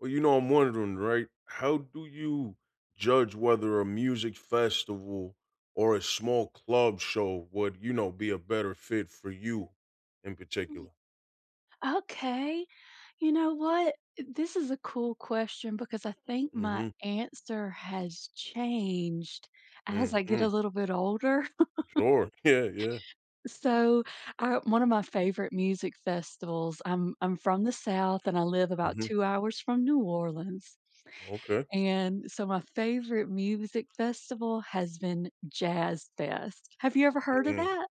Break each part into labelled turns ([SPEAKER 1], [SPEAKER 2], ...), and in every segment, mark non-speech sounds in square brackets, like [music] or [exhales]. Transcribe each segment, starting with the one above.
[SPEAKER 1] Well, you know, I'm wondering, right? How do you judge whether a music festival or a small club show would, you know, be a better fit for you, in
[SPEAKER 2] Mhm.
[SPEAKER 1] particular?
[SPEAKER 2] Okay. You know what? Eh, this is a cool question because I think my
[SPEAKER 1] Mhm.
[SPEAKER 2] answer has changed as I get a
[SPEAKER 1] Mhm.
[SPEAKER 2] little bit older. [chuckles]
[SPEAKER 1] Sure. Yeah, yeah.
[SPEAKER 2] So, uh, one of my favorite music festivals I'm I'm from the South, and I live about
[SPEAKER 1] Mhm.
[SPEAKER 2] 2 hours from New Orleans,
[SPEAKER 1] Okay.
[SPEAKER 2] and so my favorite music festival has been Jazz Fest. Have you ever heard of
[SPEAKER 1] Mm.
[SPEAKER 2] that?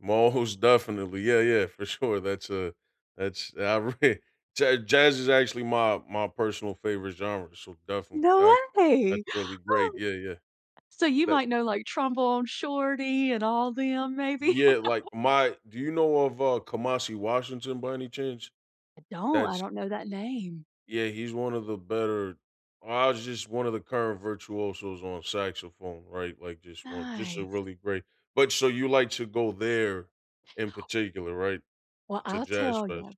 [SPEAKER 1] Most definitely. Yeah, yeah, for sure. That's a that's outra Ja jazz is actually my my personal favorite genre, so definitely
[SPEAKER 2] No
[SPEAKER 1] that
[SPEAKER 2] way!
[SPEAKER 1] that's
[SPEAKER 2] [gasps]
[SPEAKER 1] really great,
[SPEAKER 2] Oh.
[SPEAKER 1] yeah, yeah.
[SPEAKER 2] So you
[SPEAKER 1] That
[SPEAKER 2] might know, like, Trombone Shorty, and all them maybe?
[SPEAKER 1] Yeah, like,
[SPEAKER 2] [laughs]
[SPEAKER 1] my do you know of, uh, Kamasi Washington by any chance?
[SPEAKER 2] I don't, I
[SPEAKER 1] That's
[SPEAKER 2] don't know that name.
[SPEAKER 1] Y Yeah, he's one of the better Kamasi's just one of the current virtuosos on saxophone, right? Like just one just a
[SPEAKER 2] Nice.
[SPEAKER 1] really great but so you like to go there in particular, right?
[SPEAKER 2] Well,
[SPEAKER 1] To
[SPEAKER 2] I'll
[SPEAKER 1] Jazz
[SPEAKER 2] tell ya.
[SPEAKER 1] Fest.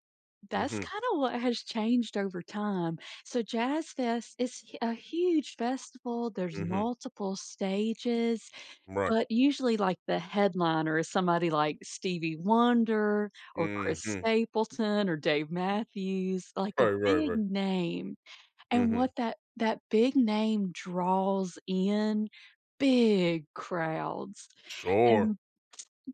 [SPEAKER 2] That's
[SPEAKER 1] Mhm.
[SPEAKER 2] kinda what has changed over time. So Jazz Fest is a huge festival, there's
[SPEAKER 1] Mhm.
[SPEAKER 2] multiple stages,
[SPEAKER 1] Right.
[SPEAKER 2] but usually, like, the headliner is somebody like Stevie Wonder, or Chris
[SPEAKER 1] Mhm.
[SPEAKER 2] Stapleton, or Dave Matthews, like, a
[SPEAKER 1] Right, right,
[SPEAKER 2] big
[SPEAKER 1] right.
[SPEAKER 2] name, and
[SPEAKER 1] Mhm.
[SPEAKER 2] what that that big name draws in, big crowds.
[SPEAKER 1] Sure.
[SPEAKER 2] And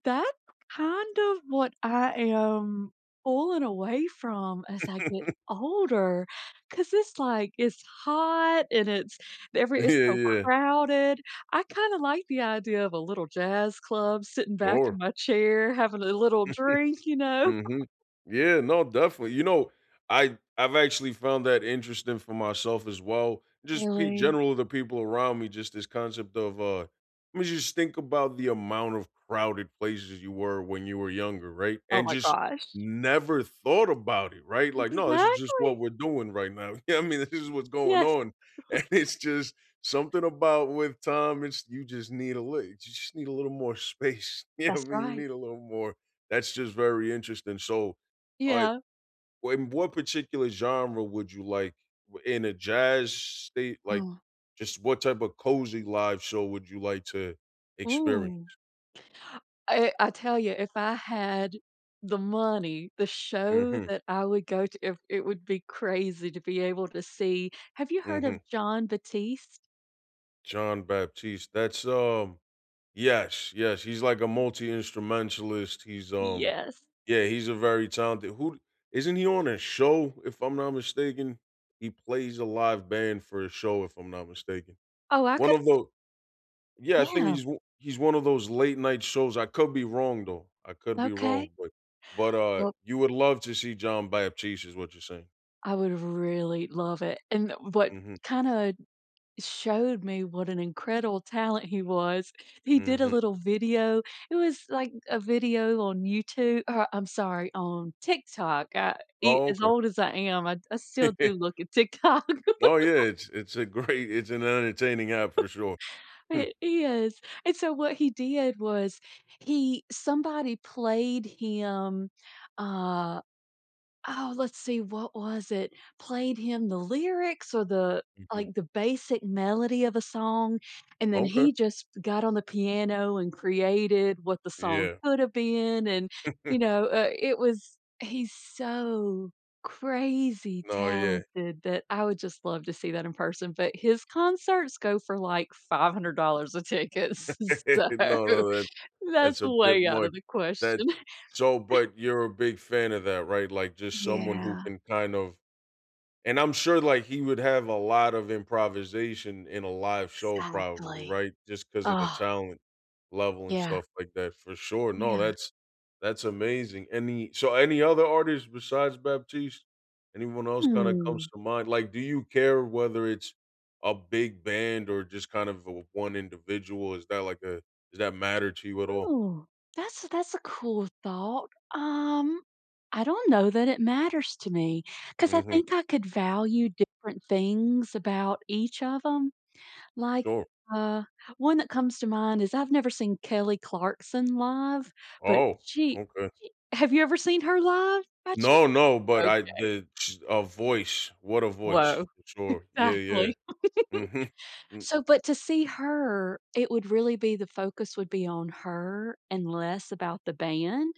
[SPEAKER 2] that's kind of what I am pulling away from as I get
[SPEAKER 1] [chuckles]
[SPEAKER 2] older 'cause it's like, it's hot and it's every
[SPEAKER 1] [chuckles] Yeah,
[SPEAKER 2] it's so
[SPEAKER 1] yeah.
[SPEAKER 2] crowded. I kinda like the idea of a little jazz club sitting back in
[SPEAKER 1] Sure.
[SPEAKER 2] my chair having a little
[SPEAKER 1] [chuckles]
[SPEAKER 2] drink. You know?
[SPEAKER 1] Mhm.
[SPEAKER 2] [chuckles]
[SPEAKER 1] Yeah, no, definitely, you know, I I've actually found that interesting for myself as well, just pe
[SPEAKER 2] Really?
[SPEAKER 1] general the people around me, just this concept of, uh, I mean, just think about the amount of crowded places you were when you were younger, right?
[SPEAKER 2] Oh
[SPEAKER 1] And
[SPEAKER 2] my
[SPEAKER 1] just
[SPEAKER 2] gosh.
[SPEAKER 1] never thought about it, right?
[SPEAKER 2] M
[SPEAKER 1] Like, no, this is just what
[SPEAKER 2] exactly.
[SPEAKER 1] we're doing right now. Yeah. I mean, this is what's going
[SPEAKER 2] Yes.
[SPEAKER 1] on, and
[SPEAKER 2] [chuckles]
[SPEAKER 1] it's just something about with time, it's you just need a lit you just need a little more space. You know
[SPEAKER 2] That's
[SPEAKER 1] what I mean, you
[SPEAKER 2] right.
[SPEAKER 1] need a little more that's just very interesting, so, I
[SPEAKER 2] Yeah.
[SPEAKER 1] in what particular genre would you like in a jazz state? Like,
[SPEAKER 2] Oh.
[SPEAKER 1] just what type of cozy live show would you like to experience?
[SPEAKER 2] Ooh. I I tell ya, if I had the money, the show
[SPEAKER 1] Mhm.
[SPEAKER 2] that I would go to it it would be crazy to be able to see. Have you heard of
[SPEAKER 1] Mhm.
[SPEAKER 2] John Batiste?
[SPEAKER 1] Jon Batiste, that's, um Yes, yes, he's like a multi-instrumentalist, he's, um
[SPEAKER 2] Yes.
[SPEAKER 1] Yeah, he's a very talented who d Isn't he on a show, if I'm not mistaken? He plays a live band for a show, if I'm not mistaken.
[SPEAKER 2] Oh, I
[SPEAKER 1] One
[SPEAKER 2] could
[SPEAKER 1] of
[SPEAKER 2] d
[SPEAKER 1] the Yeah, I think
[SPEAKER 2] Yeah.
[SPEAKER 1] he's o he's one of those late-night shows, I could be wrong, though, I could be
[SPEAKER 2] Okay.
[SPEAKER 1] wrong, but but, uh,
[SPEAKER 2] Well
[SPEAKER 1] you would love to see John Batiste is what you're saying.
[SPEAKER 2] I would really love it, and the what
[SPEAKER 1] Mhm.
[SPEAKER 2] kinda showed me what an incredible talent he was, he did a
[SPEAKER 1] Mhm.
[SPEAKER 2] little video, it was like a video on YouTu or I'm sorry, on TikTok, uh, e
[SPEAKER 1] Oh,
[SPEAKER 2] as
[SPEAKER 1] okay.
[SPEAKER 2] old as I am, I'd I still do
[SPEAKER 1] [chuckles]
[SPEAKER 2] look at TikTok.
[SPEAKER 1] Oh, yeah.
[SPEAKER 2] [laughs]
[SPEAKER 1] It's It's a great It's an entertaining app for sure.
[SPEAKER 2] [laughs]
[SPEAKER 1] Hmm.
[SPEAKER 2] It is, and so what he did was he somebody played him, uh Oh, let's see, what was it? Played him the lyrics or the
[SPEAKER 1] Mhm.
[SPEAKER 2] like, the basic melody of a song, and then
[SPEAKER 1] Okay.
[SPEAKER 2] he just got on the piano and created what the song
[SPEAKER 1] Yeah.
[SPEAKER 2] coulda been, and,
[SPEAKER 1] [chuckles]
[SPEAKER 2] you know, uh, it was he's so crazy
[SPEAKER 1] No, yeah.
[SPEAKER 2] talented that I would just love to see that in person, but his concerts go for, like, $500 a ticket, s
[SPEAKER 1] [laughs]
[SPEAKER 2] so
[SPEAKER 1] No, no, that's
[SPEAKER 2] that's
[SPEAKER 1] that's a
[SPEAKER 2] a
[SPEAKER 1] bit
[SPEAKER 2] way out
[SPEAKER 1] much,
[SPEAKER 2] of the
[SPEAKER 1] that
[SPEAKER 2] question.
[SPEAKER 1] So,
[SPEAKER 2] [laughs]
[SPEAKER 1] but you're a big fan of that, right? Like, just someone who
[SPEAKER 2] Yeah.
[SPEAKER 1] can kind of And I'm sure, like, he would have a lot of improvisation in a live show probably,
[SPEAKER 2] Exactly.
[SPEAKER 1] right? Just 'cause of the
[SPEAKER 2] Ugh.
[SPEAKER 1] talent level and
[SPEAKER 2] Yeah.
[SPEAKER 1] stuff like that, for sure. No,
[SPEAKER 2] Yeah.
[SPEAKER 1] that's that's amazing. Any So any other artists besides Batiste? Anyone else kinda comes
[SPEAKER 2] Hmm.
[SPEAKER 1] to mind? Like, do you care whether it's a big band or just kind of the one individual? Is that like a Does that matter to you at all?
[SPEAKER 2] Oh, that's a that's a cool thought, um I don't know that it matters to me, 'cause I
[SPEAKER 1] Mhm.
[SPEAKER 2] think I could value different things about each of 'em, like,
[SPEAKER 1] Sure.
[SPEAKER 2] uh, one that comes to mind is I've never seen Kelly Clarkson live, but
[SPEAKER 1] Oh.
[SPEAKER 2] she
[SPEAKER 1] Okay.
[SPEAKER 2] she Have you ever seen her live, by chance?
[SPEAKER 1] No, no, but I
[SPEAKER 2] Okay.
[SPEAKER 1] did ch A voice, what a voice.
[SPEAKER 2] Woah.
[SPEAKER 1] Sure. Yeah, yeah.
[SPEAKER 2] Exactly.
[SPEAKER 1] Mhm.
[SPEAKER 2] [giggles]
[SPEAKER 1] Mm.
[SPEAKER 2] So but to see her, it would really be the focus would be on her and less about the band.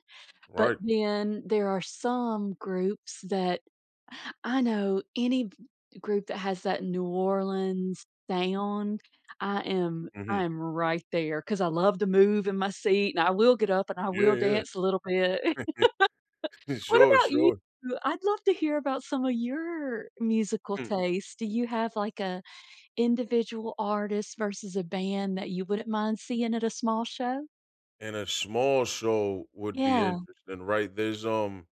[SPEAKER 2] But
[SPEAKER 1] Right.
[SPEAKER 2] then there are some groups that [inhales] I know any v group that has that New Orleans sound, I am I
[SPEAKER 1] Mhm.
[SPEAKER 2] am right there 'cause I love to move in my seat, and I will get up and I
[SPEAKER 1] Yeah,
[SPEAKER 2] will
[SPEAKER 1] yeah.
[SPEAKER 2] dance a little bit. [laughs]
[SPEAKER 1] [chuckles]
[SPEAKER 2] What
[SPEAKER 1] Sure,
[SPEAKER 2] about you?
[SPEAKER 1] sure.
[SPEAKER 2] I'd love to hear about some of your musical
[SPEAKER 1] Hmm.
[SPEAKER 2] taste. Do you have, like, a individual artist versus a band that you wouldn't mind seeing at a small show?
[SPEAKER 1] And a small show would be
[SPEAKER 2] Yeah.
[SPEAKER 1] interesting, right? There's, um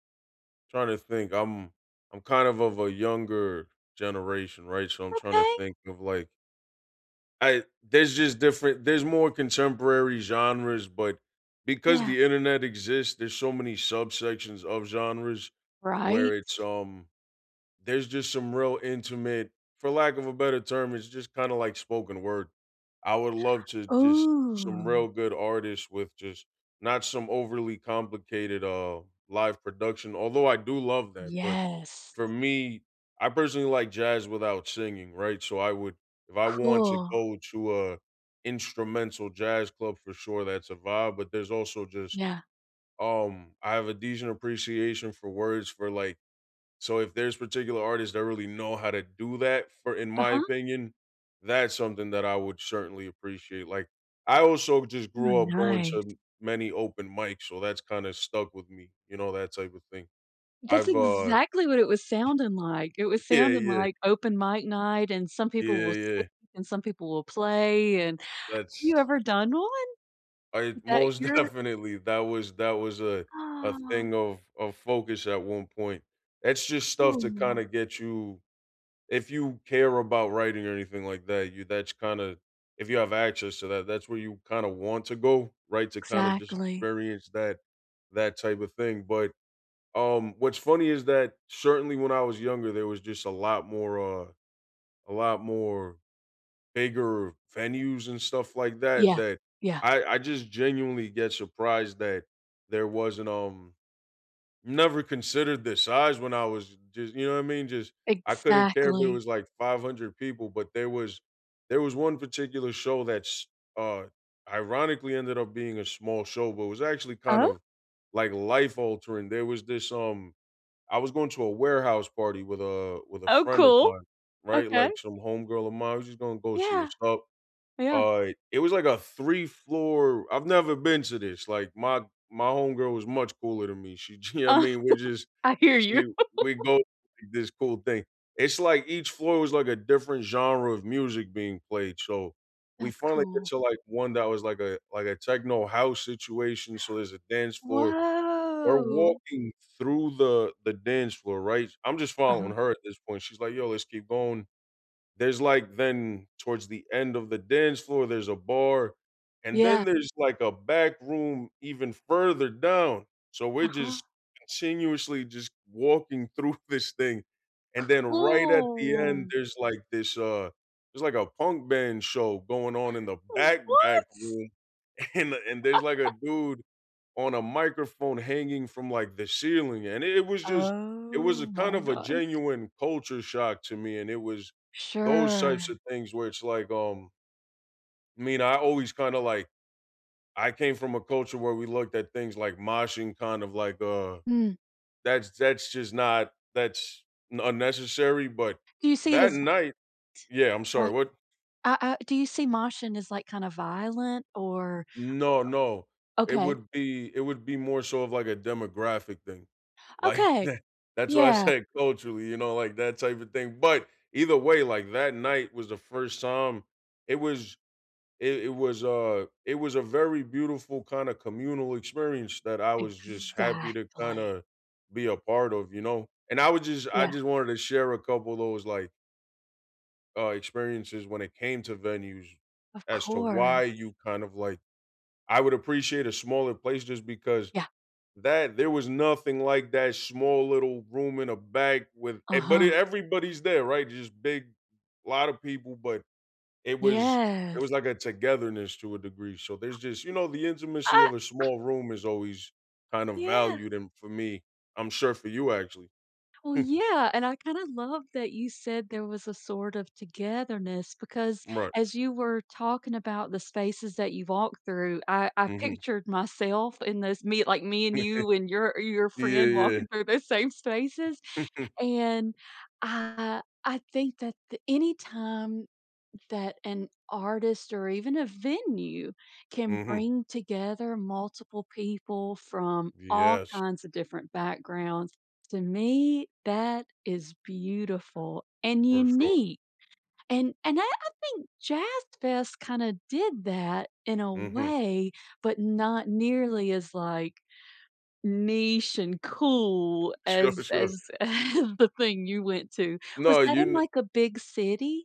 [SPEAKER 1] Tryna to think, I'm I'm kind of of a younger generation, right? So, I'm tryna to
[SPEAKER 2] Okay.
[SPEAKER 1] think of like I There's just different There's more contemporary genres, but because
[SPEAKER 2] Yeah.
[SPEAKER 1] the internet exists, there's so many subsections of genres where
[SPEAKER 2] Right?
[SPEAKER 1] it's, um There's just some real intimate for lack of a better term, it's just kinda like spoken word. I would love to
[SPEAKER 2] [gasps]
[SPEAKER 1] just Some
[SPEAKER 2] Ooh.
[SPEAKER 1] real good artists with just not some overly complicated, uh, live production, although I do love that, but
[SPEAKER 2] Yes.
[SPEAKER 1] for me, I personally like jazz without singing, right? So I would If I want to
[SPEAKER 2] Cool.
[SPEAKER 1] go to a instrumental jazz club, for sure, that's a vibe, but there's also just
[SPEAKER 2] Yeah.
[SPEAKER 1] Um, I have a decent appreciation for words for, like So if there's particular artists that really know how to do that for in my
[SPEAKER 2] Uh-huh.
[SPEAKER 1] opinion, that's something that I would certainly appreciate, like, I also just
[SPEAKER 2] Oh,
[SPEAKER 1] grew up going
[SPEAKER 2] nice.
[SPEAKER 1] to many open mics, so that's kinda stuck with me. You know, that type of thing.
[SPEAKER 2] That's
[SPEAKER 1] I've, uh
[SPEAKER 2] exactly what it was sounding like, it was
[SPEAKER 1] Yeah,
[SPEAKER 2] sounding
[SPEAKER 1] yeah.
[SPEAKER 2] like open mic night, and some
[SPEAKER 1] Yeah,
[SPEAKER 2] people will
[SPEAKER 1] yeah.
[SPEAKER 2] speak, and some people will play, and Have you
[SPEAKER 1] That's
[SPEAKER 2] ever done one,
[SPEAKER 1] I
[SPEAKER 2] that
[SPEAKER 1] Most
[SPEAKER 2] you're
[SPEAKER 1] definitely, that was that was, uh, a
[SPEAKER 2] Aw.
[SPEAKER 1] thing of of focus at one point. It's just stuff to kinda
[SPEAKER 2] Cool.
[SPEAKER 1] get you If you care about writing or anything like that, you that's kinda if you have access to that, that's where you kinda want to go, right, to kinda just
[SPEAKER 2] Exactly.
[SPEAKER 1] experience that that type of thing, but, um, what's funny is that certainly when I was younger, there was just a lot more, uh a lot more bigger venues and stuff like that
[SPEAKER 2] Yeah,
[SPEAKER 1] that
[SPEAKER 2] yeah.
[SPEAKER 1] I I just genuinely get surprised that there wasn't, um never considered this size when I was just you know what I mean, just I couldn't care if there
[SPEAKER 2] Exactly.
[SPEAKER 1] was, like, 500 people, but there was there was one particular show that's, uh, ironically ended up being a small show, but it was actually kind
[SPEAKER 2] Oh
[SPEAKER 1] of, like, life altering, there was this, um I was going to a warehouse party with a with a
[SPEAKER 2] Oh,
[SPEAKER 1] friend of
[SPEAKER 2] cool.
[SPEAKER 1] mine, right?
[SPEAKER 2] Okay.
[SPEAKER 1] Like, some homegirl of mine, I was just gonna go see
[SPEAKER 2] Yeah.
[SPEAKER 1] what’s up,
[SPEAKER 2] Oh, yeah.
[SPEAKER 1] uh, it was like a 3 floor I've never been to this, like, my my homegirl was much cooler than me, she You know I
[SPEAKER 2] Uh,
[SPEAKER 1] mean?
[SPEAKER 2] [giggles]
[SPEAKER 1] We're just
[SPEAKER 2] I hear
[SPEAKER 1] She
[SPEAKER 2] you.
[SPEAKER 1] w We go to this
[SPEAKER 2] [laughs]
[SPEAKER 1] cool thing. It's like each floor was like a different genre of music being played. So we
[SPEAKER 2] That's
[SPEAKER 1] finally get
[SPEAKER 2] cool.
[SPEAKER 1] to, like, one that was like a like a techno house situation, so there's a dance
[SPEAKER 2] [gasps]
[SPEAKER 1] floor. We're
[SPEAKER 2] Woah.
[SPEAKER 1] walking through the the dance floor, right? I'm just following
[SPEAKER 2] Uh-huh.
[SPEAKER 1] her at this point, she's like, "Yo, let's keep going." There's, like Then towards the end of the dance floor, there's a bar, and then
[SPEAKER 2] Yeah.
[SPEAKER 1] there's, like, a back room even further down, so we're
[SPEAKER 2] Uh-huh.
[SPEAKER 1] just continuously just walking through this thing, and then right at the end,
[SPEAKER 2] Cool!
[SPEAKER 1] there's, like, this, uh there's, like, a punk band show going on in the
[SPEAKER 2] Oh,
[SPEAKER 1] back, back room,
[SPEAKER 2] what?
[SPEAKER 1] and and there's, like, a
[SPEAKER 2] [laughs]
[SPEAKER 1] dude on a microphone hanging from, like, the ceiling, and it it was just it was a
[SPEAKER 2] Oh
[SPEAKER 1] kind
[SPEAKER 2] my
[SPEAKER 1] of a
[SPEAKER 2] gosh.
[SPEAKER 1] genuine culture shock to me, and it was those types of
[SPEAKER 2] Sure.
[SPEAKER 1] things where it's like, um I mean, I always kinda, like I came from a culture where we looked at things like moshing kind of like, uh
[SPEAKER 2] Mm.
[SPEAKER 1] That's that's just not that's n unnecessary, but
[SPEAKER 2] Do you see it
[SPEAKER 1] that
[SPEAKER 2] as t
[SPEAKER 1] night Yeah, I'm sorry,
[SPEAKER 2] like,
[SPEAKER 1] what?
[SPEAKER 2] I I Do you see moshing as, like, kinda violent or
[SPEAKER 1] No, no.
[SPEAKER 2] o o
[SPEAKER 1] It
[SPEAKER 2] Okay.
[SPEAKER 1] would be It would be more so of, like, a demographic thing, like
[SPEAKER 2] Okay.
[SPEAKER 1] the That's why I
[SPEAKER 2] Yeah.
[SPEAKER 1] say culturally, you know, like, that type of thing, but either way, like, that night was the 1st time, it was it it was a it was a very beautiful kinda communal experience that I was just happy to
[SPEAKER 2] Exactly.
[SPEAKER 1] kinda be a part of, you know? And I would just I
[SPEAKER 2] Yeah.
[SPEAKER 1] just wanted to share a couple of those, like uh, experiences when it came to venues
[SPEAKER 2] Of
[SPEAKER 1] as to
[SPEAKER 2] course.
[SPEAKER 1] why you kind of like I would appreciate a smaller place just because
[SPEAKER 2] Yeah.
[SPEAKER 1] that there was nothing like that small little room in a back with e but it
[SPEAKER 2] Uh-huh.
[SPEAKER 1] everybody's there, right? Just big, lotta people but it was it
[SPEAKER 2] Yes.
[SPEAKER 1] was like a togetherness to a degree, so there's just, you know, the intimacy
[SPEAKER 2] I
[SPEAKER 1] of a small room is always kind
[SPEAKER 2] [exhales]
[SPEAKER 1] of
[SPEAKER 2] Yeah.
[SPEAKER 1] valued and for me I'm sure for you actually.
[SPEAKER 2] Well,
[SPEAKER 1] Hmm.
[SPEAKER 2] yeah, and I kinda love that you said there was a sort of togetherness, because
[SPEAKER 1] Right.
[SPEAKER 2] as you were talking about the spaces that you walked through, I I
[SPEAKER 1] Mhm.
[SPEAKER 2] pictured myself in this me like, me and you and your
[SPEAKER 1] [chuckles]
[SPEAKER 2] your
[SPEAKER 1] Yeah,
[SPEAKER 2] friend walking
[SPEAKER 1] yeah.
[SPEAKER 2] through those same spaces,
[SPEAKER 1] [chuckles]
[SPEAKER 2] and I I think that the anytime that an artist or even a venue can
[SPEAKER 1] Mhm.
[SPEAKER 2] bring together multiple people from all
[SPEAKER 1] Yes.
[SPEAKER 2] kinds of different backgrounds, to me, that is beautiful and
[SPEAKER 1] For sure.
[SPEAKER 2] unique, and and I I think Jazz Fest kinda did that in a
[SPEAKER 1] Mhm.
[SPEAKER 2] way, but not nearly as, like, niche and cool
[SPEAKER 1] Sure,
[SPEAKER 2] as
[SPEAKER 1] sure.
[SPEAKER 2] as [chuckles] the thing you went to. Was
[SPEAKER 1] No,
[SPEAKER 2] that
[SPEAKER 1] you
[SPEAKER 2] in,
[SPEAKER 1] kno
[SPEAKER 2] like, a big city?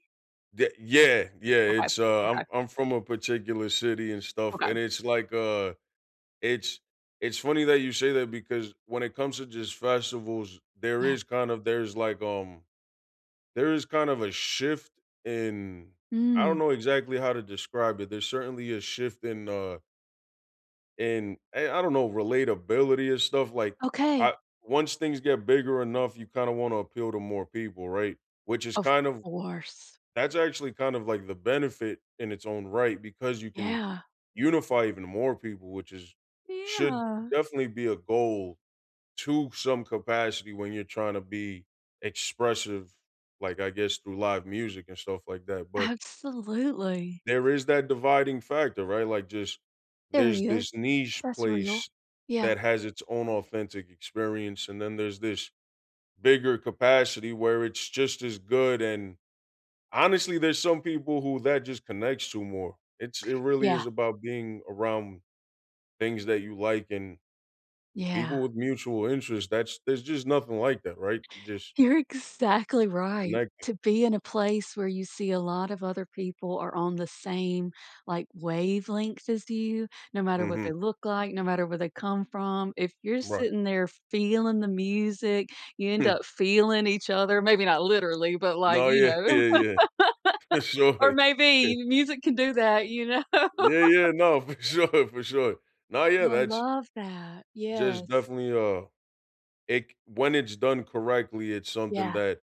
[SPEAKER 1] the Yeah, yeah.
[SPEAKER 2] Okay,
[SPEAKER 1] It's, uh, I'm
[SPEAKER 2] okay.
[SPEAKER 1] I'm from a particular city and stuff,
[SPEAKER 2] Okay.
[SPEAKER 1] and it's like, uh it's It's funny that you say that because when it comes to just festivals, there
[SPEAKER 2] Yeah.
[SPEAKER 1] is kind of there's like, um there is kind of a shift in I don't
[SPEAKER 2] Mm.
[SPEAKER 1] know exactly how to describe it, there's certainly a shift in, uh in a I don't know, relatability and stuff, like, I
[SPEAKER 2] Okay.
[SPEAKER 1] Once things get bigger enough, you kinda wanna appeal to more people, right? Which is
[SPEAKER 2] Of
[SPEAKER 1] kind of
[SPEAKER 2] course.
[SPEAKER 1] That's actually kind of like the benefit in its own right because you can
[SPEAKER 2] Yeah.
[SPEAKER 1] unify even more people, which is should
[SPEAKER 2] Yeah.
[SPEAKER 1] definitely be a goal to some capacity when you're tryna be expressive, like, I guess through live music and stuff like that. But
[SPEAKER 2] Absolutely.
[SPEAKER 1] there is that dividing factor, right, like, just
[SPEAKER 2] There
[SPEAKER 1] there's
[SPEAKER 2] really is,
[SPEAKER 1] this niche
[SPEAKER 2] that's real.
[SPEAKER 1] place
[SPEAKER 2] Yeah.
[SPEAKER 1] that has its own authentic experience, and then there's this bigger capacity where it's just as good, and honestly, there's some people who that just connects to more, it's it really
[SPEAKER 2] Yeah.
[SPEAKER 1] is about being around things that you like and
[SPEAKER 2] Yeah.
[SPEAKER 1] people with mutual interest that's there's just nothing like that, right? You just
[SPEAKER 2] You're exactly right.
[SPEAKER 1] connecting.
[SPEAKER 2] To be in a place where you see a lot of other people are on the same, like, wavelength as you, no matter what
[SPEAKER 1] Mhm.
[SPEAKER 2] they look like, no matter where they come from, if you're
[SPEAKER 1] Right.
[SPEAKER 2] sitting there feeling the music, you end
[SPEAKER 1] Hmm.
[SPEAKER 2] up feeling each other maybe not literally, but, like,
[SPEAKER 1] No,
[SPEAKER 2] you
[SPEAKER 1] yeah, yeah,
[SPEAKER 2] know,
[SPEAKER 1] yeah. For
[SPEAKER 2] [laughs] or
[SPEAKER 1] sure.
[SPEAKER 2] maybe
[SPEAKER 1] [chuckles]
[SPEAKER 2] you music can do that, you know?
[SPEAKER 1] Yeah, yeah, no, for sure, for sure. No, yeah,
[SPEAKER 2] I
[SPEAKER 1] that's
[SPEAKER 2] love that.
[SPEAKER 1] just
[SPEAKER 2] Yes.
[SPEAKER 1] definitely, uh, it c When it's done correctly, it's something
[SPEAKER 2] Yeah.
[SPEAKER 1] that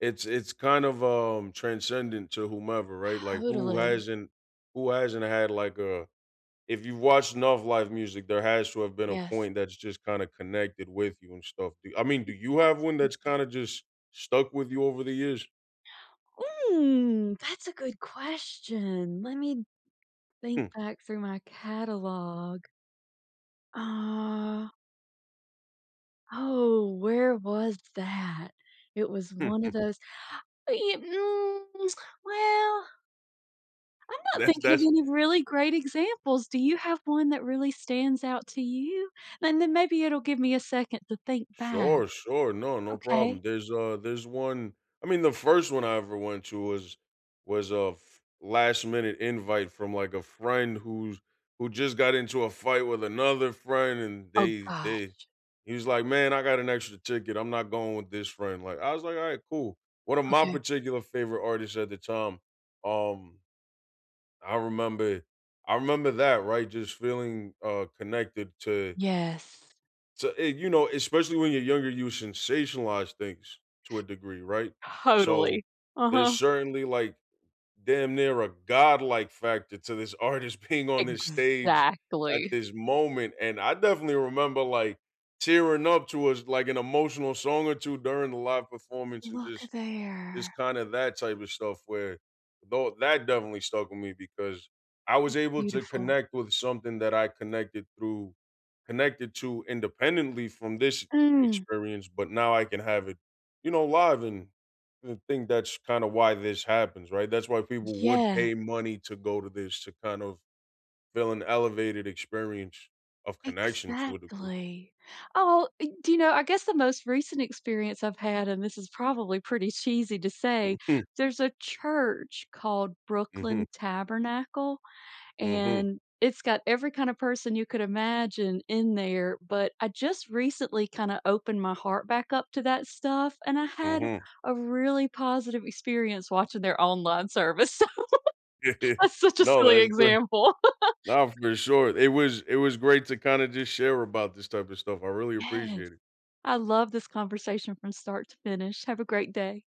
[SPEAKER 1] it's it's kind of, um, transcendent to whomever, right? Like, who
[SPEAKER 2] Totally.
[SPEAKER 1] hasn't who hasn't had like, uh If you've watched enough live music, there has to have been a
[SPEAKER 2] Yes.
[SPEAKER 1] point that's just kinda connected with you and stuff, do you I mean, do you have one that's
[SPEAKER 2] Exactly.
[SPEAKER 1] kinda just stuck with you over the years?
[SPEAKER 2] [gasps] Ooh! That's a good question, let me d think
[SPEAKER 1] Hmm.
[SPEAKER 2] back through my catalog. Uh Oh, where was that? It was one of
[SPEAKER 1] [chuckles]
[SPEAKER 2] those [gasps] ee mm, [tsk] well I'm not
[SPEAKER 1] That's,
[SPEAKER 2] thinking of
[SPEAKER 1] that's
[SPEAKER 2] any really great examples. Do you have one that really stands out to you? And then maybe it'll give me a second to think back.
[SPEAKER 1] Sure, sure. No, no
[SPEAKER 2] Okay.
[SPEAKER 1] problem. There's, uh, there's 1 I mean, the first one I ever went to was was a f last minute invite from, like, a friend who's, who just got into a fight with another friend, and
[SPEAKER 2] Oh
[SPEAKER 1] they they
[SPEAKER 2] gosh.
[SPEAKER 1] he's like, "Man, I got an extra ticket. I'm not going with this friend." Like, I was like, "Alright, cool." One of my
[SPEAKER 2] Okay.
[SPEAKER 1] particular favorite artists at the time, um, I remember I remember that, right? Just feeling, uh, connected to
[SPEAKER 2] Yes.
[SPEAKER 1] to a you know, especially when you're younger, you sensationalize things to a degree, right? So,
[SPEAKER 2] Totally.
[SPEAKER 1] there's
[SPEAKER 2] Uh-huh.
[SPEAKER 1] certainly, like, damn near a godlike factor to this artist being on this stage at
[SPEAKER 2] Exactly.
[SPEAKER 1] this moment. And I definitely remember, like, tearing up towards, like, an emotional song or 2 during the live performance and
[SPEAKER 2] Look
[SPEAKER 1] just
[SPEAKER 2] there.
[SPEAKER 1] just kinda that type of stuff where though that definitely stuck with me because I was
[SPEAKER 2] It's
[SPEAKER 1] able to
[SPEAKER 2] beautiful.
[SPEAKER 1] connect with something that I connected through connected to independently from this
[SPEAKER 2] Mm!
[SPEAKER 1] experience, but now I can have it, you know, live and I think that's kinda why this happens, right? That's why people would
[SPEAKER 2] Yeah.
[SPEAKER 1] pay money to go to this, to kind of feel an elevated experience of connection to a degree.
[SPEAKER 2] Exactly. Oh, do you know, I guess the most recent experience I've had and this is probably pretty cheesy to say,
[SPEAKER 1] Mhm.
[SPEAKER 2] there's a church called
[SPEAKER 1] Mhm.
[SPEAKER 2] Brooklyn Tabernacle,
[SPEAKER 1] Mhm.
[SPEAKER 2] and it's got every kind of person you could imagine in there, but I just recently kinda opened my heart back up to that stuff, and I had
[SPEAKER 1] Mhm.
[SPEAKER 2] a really positive experience watching their online service. [giggles]
[SPEAKER 1] [chuckles]
[SPEAKER 2] That's such a
[SPEAKER 1] No.
[SPEAKER 2] silly
[SPEAKER 1] That's great
[SPEAKER 2] example. [laughs]
[SPEAKER 1] Naw. For sure. It was it was great to kinda just share about this type of stuff. I really
[SPEAKER 2] Yes.
[SPEAKER 1] appreciate it.
[SPEAKER 2] I loved this conversation from start to finish. Have a great day.